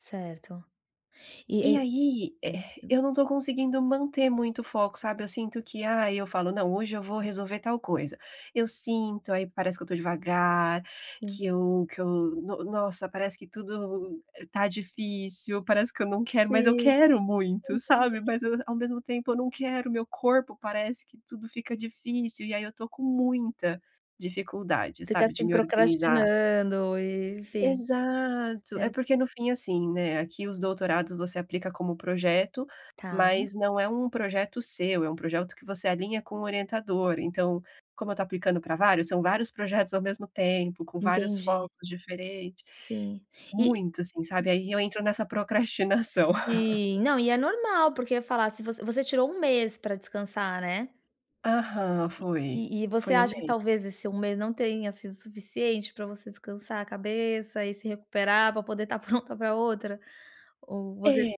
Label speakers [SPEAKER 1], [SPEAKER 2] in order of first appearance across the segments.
[SPEAKER 1] Certo. E
[SPEAKER 2] E
[SPEAKER 1] e
[SPEAKER 2] aí, eh eh,
[SPEAKER 1] [unintelligible]
[SPEAKER 2] eu não tô conseguindo manter muito o foco, sabe. Eu sinto que, ah, e eu falo: "Não, hoje eu vou resolver tal coisa". Eu sinto, aí parece que eu estou devagar,
[SPEAKER 1] Sim.
[SPEAKER 2] que eu que eu, no nossa, parece que tudo tá difícil. Parece que eu não quero, mas eu
[SPEAKER 1] Sim,
[SPEAKER 2] quero muito,
[SPEAKER 1] entendi.
[SPEAKER 2] sabe. Mas eu, ao mesmo tempo eu não quero, meu corpo, parece que tudo fica difícil. E aí eu estou com muita dificuldade,
[SPEAKER 1] Fica
[SPEAKER 2] sabe, de
[SPEAKER 1] assim,
[SPEAKER 2] me organizar.
[SPEAKER 1] procrastinando e enfim
[SPEAKER 2] Exato.
[SPEAKER 1] É.
[SPEAKER 2] É porque, no fim, assim, né, aqui os doutorados, você aplica como projeto,
[SPEAKER 1] Tá.
[SPEAKER 2] mas não é um projeto seu, é um projeto que você alinha com o orientador. Então, como eu estou aplicando pra vários, são vários projetos ao mesmo tempo, com vários
[SPEAKER 1] Entendi.
[SPEAKER 2] focos diferente.
[SPEAKER 1] Sim, e
[SPEAKER 2] Muito assim, sabe, aí eu entro nessa procrastinação.
[SPEAKER 1] Sim, não, e é normal, porque falar se você você tirou 1 mês pra descansar, né?
[SPEAKER 2] Aham, foi.
[SPEAKER 1] E e você
[SPEAKER 2] Foi 1
[SPEAKER 1] acha que
[SPEAKER 2] mês.
[SPEAKER 1] talvez esse 1 mês não tenha sido suficiente para você descansar a cabeça e se recuperar para poder estar pronta para outra, ou você
[SPEAKER 2] É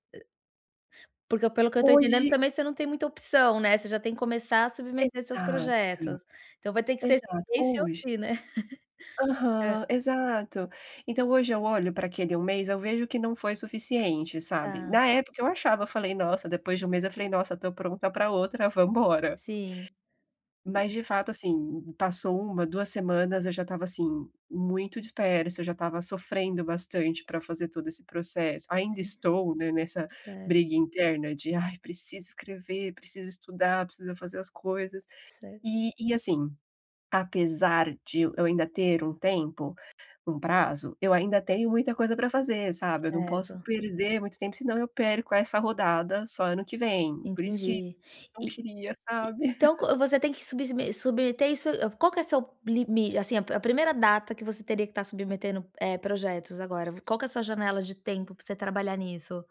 [SPEAKER 1] Porque, pelo que eu estou entendendo
[SPEAKER 2] Hoje
[SPEAKER 1] também você não tem muita opção, né. Você já tem que começar a submeter seus
[SPEAKER 2] Exato.
[SPEAKER 1] projetos. Então vai ter que ser
[SPEAKER 2] Exato.
[SPEAKER 1] esse ou
[SPEAKER 2] Hoje
[SPEAKER 1] se, né. Hã.
[SPEAKER 2] Aham, exato, então hoje eu olho pra aquele 1 mês, eu vejo que não foi suficiente, sabe.
[SPEAKER 1] Tá.
[SPEAKER 2] Na época eu achava, eu falei: "Nossa", depois de 1 mês, eu falei: "Nossa, tô pronta pra outra, vamos embora".
[SPEAKER 1] Sim.
[SPEAKER 2] Mas de fato, assim, passou 1, 2 semanas eu já estava assim: muito dispersa. Eu já estava sofrendo bastante pra fazer todo esse processo ainda
[SPEAKER 1] Sim.
[SPEAKER 2] estou, né, nessa
[SPEAKER 1] Cer
[SPEAKER 2] briga interna de: "Ai, precisa escrever, precisa estudar, precisa fazer as coisas".
[SPEAKER 1] Ce
[SPEAKER 2] Eh, e, assim, apesar de eu eu ainda ter um tempo, um prazo, eu ainda tenho muita coisa pra fazer, sabe. Eu não posso
[SPEAKER 1] Certo.
[SPEAKER 2] perder muito tempo, senão eu perco essa rodada, só ano que vem. Por isso que
[SPEAKER 1] Entendi.
[SPEAKER 2] não
[SPEAKER 1] E
[SPEAKER 2] queria,
[SPEAKER 1] e
[SPEAKER 2] sabe.
[SPEAKER 1] então co você tem que subsme submeter isso qual que é seu limi assim, a primeira data que você teria que estar submetendo, eh, projetos agora, vi qual que é sua janela de tempo pra você trabalhar nisso?